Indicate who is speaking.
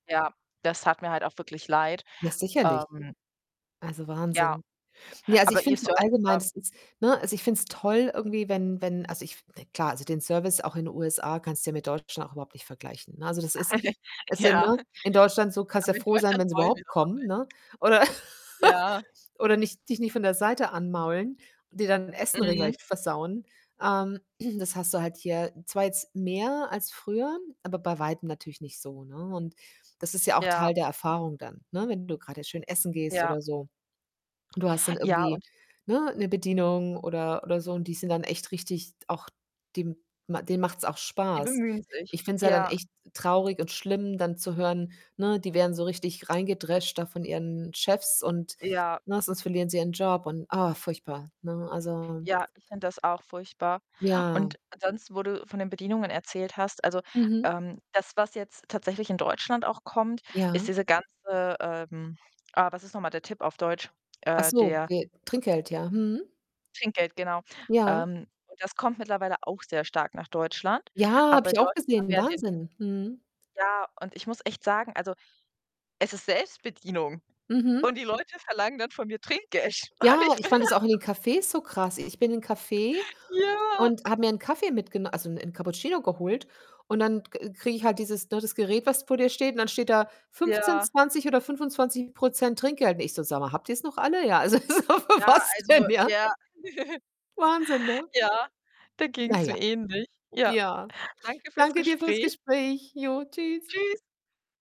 Speaker 1: Ja, das tat mir halt auch wirklich leid.
Speaker 2: Ja, sicherlich.
Speaker 1: Ähm
Speaker 2: Also,
Speaker 1: Ja.
Speaker 2: Wahnsinn. Ne, also
Speaker 1: aber
Speaker 2: ich finde
Speaker 1: Ihr
Speaker 2: es so
Speaker 1: Service
Speaker 2: allgemein,
Speaker 1: war
Speaker 2: es ist ne, also, ich finde es toll irgendwie, wenn wenn also ich f ne, klar, also den Service auch in den USA kannst du ja mit Deutschland auch überhaupt nicht vergleichen, ne? Also, das ist es sind,
Speaker 1: Ja,
Speaker 2: ne, in Deutschland so, kannst ja
Speaker 1: aber in
Speaker 2: froh sein,
Speaker 1: Deutschland
Speaker 2: wenn sie
Speaker 1: wollen wir
Speaker 2: überhaupt
Speaker 1: das
Speaker 2: kommen,
Speaker 1: auch
Speaker 2: ne?
Speaker 1: nicht.
Speaker 2: Oder
Speaker 1: Ja.
Speaker 2: oder nicht dich nicht von der Seite anmaulen und dir dein Essen
Speaker 1: Mhm.
Speaker 2: regelrecht versauen. Ähm, das hast du halt hier zwar jetzt mehr als früher, aber bei Weitem natürlich nicht so, ne, und das ist ja auch
Speaker 1: Ja.
Speaker 2: Teil der Erfahrung dann, ne, wenn du grade schön essen gehst
Speaker 1: Ja.
Speaker 2: oder so und du hast dann
Speaker 1: Ja,
Speaker 2: irgendwie,
Speaker 1: und
Speaker 2: ne, 'ne Bedienung oder oder so und die sind dann echt richtig auch dem denen macht's auch
Speaker 1: Die
Speaker 2: Spaß.
Speaker 1: bemühen sich.
Speaker 2: Ich finde es ja dann
Speaker 1: Ja.
Speaker 2: echt traurig und schlimm dann zu hören ne, die werden so richtig reingedrescht da von ihren Chefs und
Speaker 1: Ja.
Speaker 2: ne, sonst verlieren sie ihren Job und, ah, furchtbar, ne? Also
Speaker 1: Ja, ich finde das auch furchtbar
Speaker 2: Ja.
Speaker 1: und ansonsten, wo du von den Bedienungen erzählt hast, also,
Speaker 2: Mhm.
Speaker 1: ähm, das, was jetzt tatsächlich in Deutschland auch kommt, ist
Speaker 2: Ja.
Speaker 1: diese ganze, ähm ah, was ist noch mal der Tip auf Deutsch?
Speaker 2: Ach
Speaker 1: Äh,
Speaker 2: so,
Speaker 1: der
Speaker 2: de Trinkgeld, ja. Mhm.
Speaker 1: Trinkgeld, genau.
Speaker 2: Ja.
Speaker 1: Ähm, und das kommt mittlerweile auch sehr stark nach Deutschland.
Speaker 2: Ja, habe
Speaker 1: Aber
Speaker 2: ich
Speaker 1: in
Speaker 2: auch
Speaker 1: Deutschland haben
Speaker 2: gesehen,
Speaker 1: wir ja den
Speaker 2: Wahnsinn. Mhm.
Speaker 1: ja, und ich muss echt sagen, also, es ist Selbstbedienung und
Speaker 2: Mhm.
Speaker 1: die Leute verlangen dann von mir Trinkgeld. Und
Speaker 2: Ja,
Speaker 1: ich
Speaker 2: ich
Speaker 1: bin
Speaker 2: fand
Speaker 1: da
Speaker 2: es auch in
Speaker 1: so
Speaker 2: den Cafés so krass. Ich bin in Café
Speaker 1: Ja.
Speaker 2: und habe mir 'n Kaffee mitgeno also 'n 'n Cappuccino geholt, und dann d ke krieg ich halt dieses ne, das Gerät, was vor dir steht und dann steht da 15,
Speaker 1: Ja.
Speaker 2: 20 oder 25 % Trinkgeld und ich so „Sag mal, habt ihr's noch alle?“ Ja, also so, für
Speaker 1: Ja,
Speaker 2: was
Speaker 1: also
Speaker 2: denn, ja?
Speaker 1: ja.
Speaker 2: Wahnsinn, ne?
Speaker 1: Ja, da
Speaker 2: Na
Speaker 1: ging's
Speaker 2: ja.
Speaker 1: mir ähnlich. Ja,
Speaker 2: Ja.
Speaker 1: danke für's
Speaker 2: Danke dir fürs
Speaker 1: Gespräch.
Speaker 2: Gespräch. Jo, Tschüss.
Speaker 1: Tschüss.